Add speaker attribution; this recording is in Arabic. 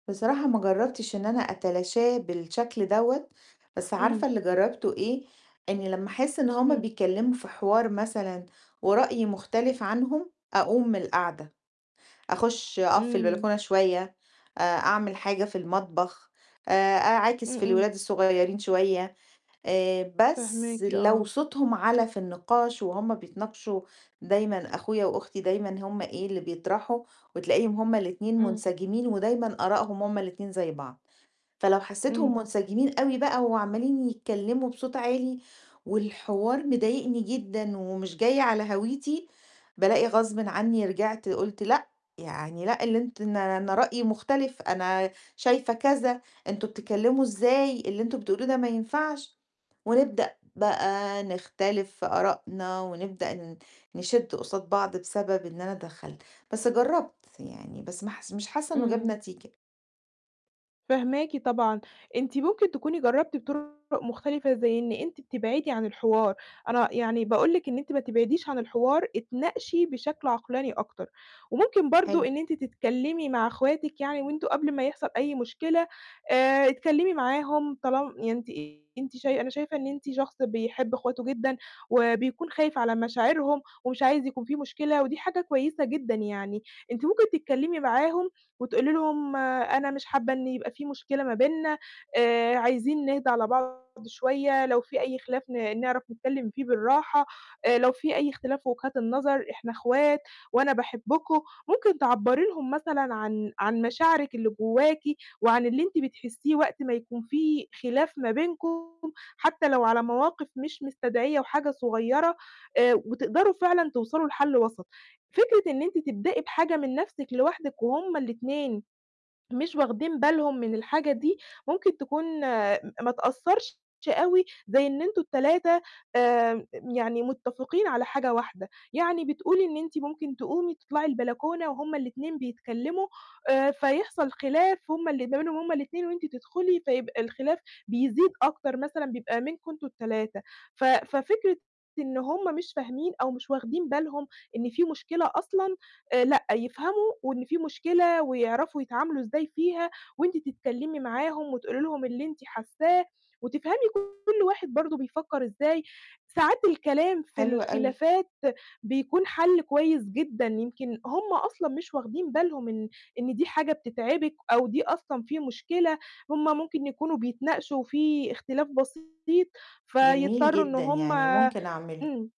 Speaker 1: بصراحة ما جرَّبتش إن أنا أتلاشاه بالشكل دوّة، بس
Speaker 2: إمم.
Speaker 1: عارفة اللي جرَّبته إيه؟ إني لمّا أحس إن هُم
Speaker 2: إمم.
Speaker 1: بيتكلموا في حوار مثلًا ورأيي مختلف عنهم، أقوم من القعدة، أخش أقف في
Speaker 2: إمم.
Speaker 1: البلكونة شوية، آآ، أعمل حاجة في المطبخ، آآ، أعاكس
Speaker 2: إمم،
Speaker 1: في
Speaker 2: إمم.
Speaker 1: الولاد الصغيرين شوية. آآ، بس
Speaker 2: فاهماكِ،
Speaker 1: لو
Speaker 2: آه.
Speaker 1: صوتهم عَلَى في النقاش وهُم بيتناقشوا، دايمًا أخويا وأختي دايمًا هُم إيه اللي بيطرحوا، وتلاقيهم هُم الاتنين
Speaker 2: إمم.
Speaker 1: منسجمين ودايمًا آراءهم هُم الاتنين زي بعض. فلو
Speaker 2: إمم.
Speaker 1: حسيتهم منسجمين أوي بقى وعَمَّالين يتكلموا بصوت عالي، والحوار مضايقني جدًا ومش جاي على هَويتي، بالاقي غصبٍ عني رجعت قُلت لأ، يعني لأ، اللي أنت أن أنا رأيي مختلف، أنا شايفة كذا، أنتم بتتكلموا إزاي؟ اللي أنتم بتقولوه ده ما ينفعش. ونبدأ بقى نختلف في آراءنا ونبدأ ن نِشد قُصاد بعض بسبب إن أنا اتدخَلت. بس جرَّبت يعني، بس ما حس مش حاسة إنه جاب
Speaker 2: إمم.
Speaker 1: نتيجة.
Speaker 2: فاهماكِ طبعًا. أنتِ ممكن تكوني جرَّبتِ بطُرُق مختلفة، زي إن أنتِ بتبعدي عن الحوار. أنا يعني باقول لِك إن أنتِ ما تبعديش عن الحوار، اتناقشي بشكل عقلاني أكتر. وممكن برضو
Speaker 1: حلو.
Speaker 2: إن أنتِ تتكلمي مع أخواتِك يعني، وأنتم قبل ما يحصَل أي مشكلة، آآ، اتكلمي معاهم طال يعني أنتِ أنتِ شاي أنا شايفة إن أنتِ شخص بيحب إخواته جدًا، وبيكون خايف على مشاعرهم، ومش عايز يكون في مشكلة، ودي حاجة كويسة جدًا يعني. أنتِ ممكن تتكلمي معاهم وتقولي لهم أنا مش حابة إن يبقى في مشكلة ما بيننا آآ، عايزين نهدا على بعض شوية، لو في أي خلاف ن نعرَف نتكلم فيه بالراحة آآ لو في أي اختلاف في وجهات النظر، إحنا إخوات، وأنا باحبكم. ممكن تعبَّري لهم مثلًا عن عن مشاعرِك اللي جواكِ، وعن اللي أنتِ بتحسيه وقت ما يكون في خلاف ما بينكم، حتى لو على مواقف مش مستدعية وحاجة صغيرة آآ، وتقدَروا فعلًا توصَلوا لحل وَسَط. فكرة إن أنتِ تبدئي بحاجة من نفْسِك لوحدِك وهُم الاتنين مش واخدين بالهم من الحاجة دي، ممكن تكون م ما تأثرش أوي زي إن أنتم ال3 آآ، يعني متفقين على حاجة واحدة. يعني بتقولي إن أنتِ ممكن تقومي تطلَعي البلكونة وهُم الاتنين بيتكلموا آآ، فيحصَل خلاف هُم ال ما بينهم هُم الاتنين وأنتِ تدخلي، فيبقى الخلاف بيزيد أكتر مثلًا بيبقى منكم أنتم ال3. ف ففكرة إن هُم مش فاهمين أو مش واخدين بالهم إن في مشكلة أصلًا، آآ لأ، يفهموا وإن في مشكلة ويعرَفوا يتعاملوا إزاي فيها، وأنتِ تتكلمي معاهم وتقولي لهم اللي أنتِ حاساه، وتفهمي كل واحد برضو بيفكر إزاي. ساعات الكلام في
Speaker 1: حلو أوي.
Speaker 2: الخلافات بيكون حَل كويس جدًا، يمكن هُم أصلًا مش واخدين بالهم إن إن دي حاجة بتتعبِك أو دي أصلًا في مشكلة، هُم ممكن يكونوا بيتناقشوا، في اختلاف بسيط،
Speaker 1: جميل
Speaker 2: فيضطروا إن
Speaker 1: جدًا،
Speaker 2: هُم
Speaker 1: يعني ممكن أعمله.
Speaker 2: إمم.